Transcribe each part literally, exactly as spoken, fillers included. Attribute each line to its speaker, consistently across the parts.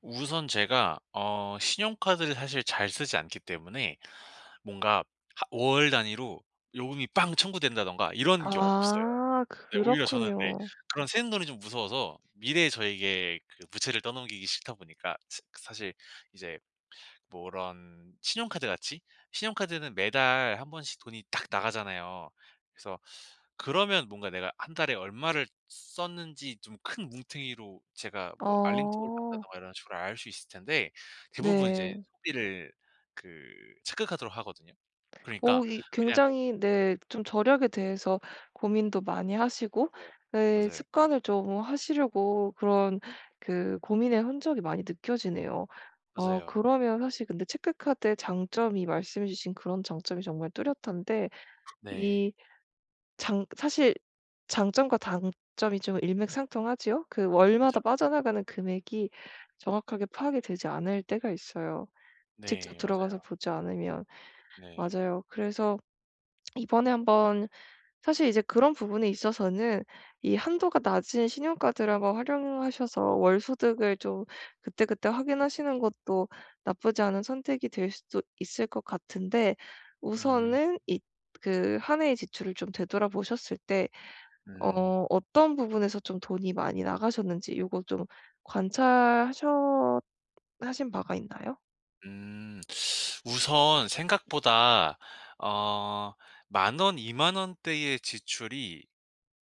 Speaker 1: 우선 제가 어 신용카드를 사실 잘 쓰지 않기 때문에 뭔가 하 월 단위로 요금이 빵 청구된다든가 이런 게 없어요.
Speaker 2: 아.
Speaker 1: 네 오히려 저는 이제
Speaker 2: 그렇군요.
Speaker 1: 그런 새는 돈이 좀 무서워서 미래의 저에게 그 부채를 떠넘기기 싫다 보니까 스 사실 이제 뭐 이런 신용카드 같이? 신용카드는 매달 한 번씩 돈이 딱 나가잖아요. 그래서 그러면 뭔가 내가 한 달에 얼마를 썼는지 좀 큰 뭉텅이로 제가 뭐 알림톡을
Speaker 2: 어.
Speaker 1: 받는다든가 이런 식으로 알 수 있을 텐데, 대부분 이제
Speaker 2: 네.
Speaker 1: 소비를 그 체크카드로 하거든요. 그러니까
Speaker 2: 어 이
Speaker 1: 그냥
Speaker 2: 굉장히 네 좀 절약에 대해서 고민도 많이 하시고
Speaker 1: 맞아요.
Speaker 2: 네
Speaker 1: 맞아요.
Speaker 2: 습관을 좀 하시려고 그런 그 고민의 흔적이 많이 느껴지네요. 어
Speaker 1: 맞아요.
Speaker 2: 그러면 사실 근데 체크카드의 장점이 말씀해 주신 그런 장점이 정말 뚜렷한데
Speaker 1: 네.
Speaker 2: 이 장 사실 장점과 단점이 좀 일맥상통하지요? 그 월마다
Speaker 1: 그쵸, 그쵸.
Speaker 2: 빠져나가는 금액이 정확하게 파악이 되지 않을 때가 있어요. 직접
Speaker 1: 네,
Speaker 2: 들어가서
Speaker 1: 맞아요.
Speaker 2: 보지 않으면.
Speaker 1: 네.
Speaker 2: 맞아요. 그래서 이번에 한번 사실 이제 그런 부분에 있어서는 이 한도가 낮은 신용카드를 한번 활용하셔서 월소득을 좀 그때그때 확인하시는 것도 나쁘지 않은 선택이 될 수도 있을 것 같은데,
Speaker 1: 음.
Speaker 2: 우선은 이 그 한 해의 지출을 좀 되돌아 보셨을 때
Speaker 1: 음.
Speaker 2: 어 어떤 부분에서 좀 돈이 많이 나가셨는지 요거 좀 관찰하셨 하신 바가 있나요?
Speaker 1: 음, 우선 생각보다 어 만 원, 이만 원대의 지출이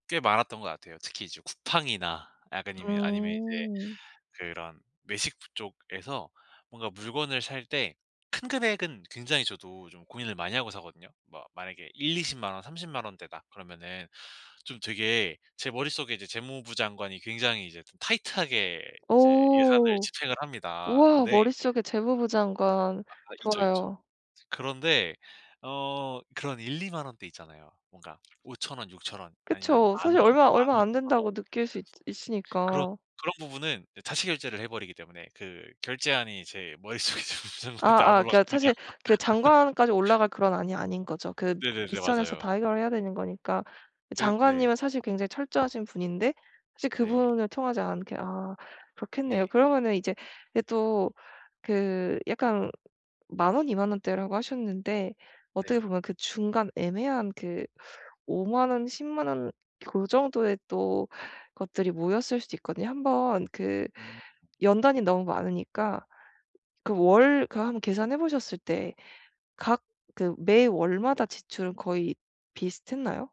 Speaker 1: 꽤 많았던 것 같아요. 특히 이제 쿠팡이나 약간 이면 아니면 이제
Speaker 2: 음.
Speaker 1: 그런 외식부 쪽에서 뭔가 물건을 살 때 큰 금액은 굉장히 저도 좀 고민을 많이 하고 사거든요? 뭐 만약에 일이십만 원, 삼십만 원대다 그러면은 좀 되게 제 머릿속에 이제 재무부 장관이 굉장히 이제 타이트하게 이제 예산을
Speaker 2: 오.
Speaker 1: 집행을 합니다.
Speaker 2: 우와.
Speaker 1: 근데
Speaker 2: 머릿속에 재무부 장관.
Speaker 1: 아 있죠, 있죠.
Speaker 2: 좋아요.
Speaker 1: 그런데 어 그런 일이만 원대 있잖아요. 뭔가 오천 원, 육천 원, 아니면
Speaker 2: 그쵸.
Speaker 1: 만 원,
Speaker 2: 사실 얼마 얼마 안
Speaker 1: 만오천 원
Speaker 2: 된다고 느낄 수 있
Speaker 1: 그런
Speaker 2: 있으니까.
Speaker 1: 그런 부분은 어 자체 결제를 해 버리기 때문에 그 결제안이 제 머릿속에 재무부
Speaker 2: 아
Speaker 1: 장관한테 안
Speaker 2: 아 그러니까
Speaker 1: 올라갑니다.
Speaker 2: 사실 그 장관까지 올라갈 그런 안이 아닌 거죠. 그
Speaker 1: 네네네.
Speaker 2: 윗선에서
Speaker 1: 맞아요.
Speaker 2: 다 해결해야 되는 거니까
Speaker 1: 그리 네.
Speaker 2: 장관님은 사실 굉장히 철저하신 분인데 사실
Speaker 1: 네.
Speaker 2: 그분을 통하지 않게 아 그렇겠네요.
Speaker 1: 네.
Speaker 2: 그러면은 이제 예 또 그 약간 만 원, 이만 원대라고 하셨는데 어떻게
Speaker 1: 네.
Speaker 2: 보면 그 중간 애매한 그 오만 원, 십만 원 그 정도의 또 것들이 모였을 수도 있거든요. 한번 그
Speaker 1: 음.
Speaker 2: 연 단위는 너무 많으니까 그 월 그 한번 계산해 보셨을 때 각 그 매월마다 지출은 거의 비슷했나요?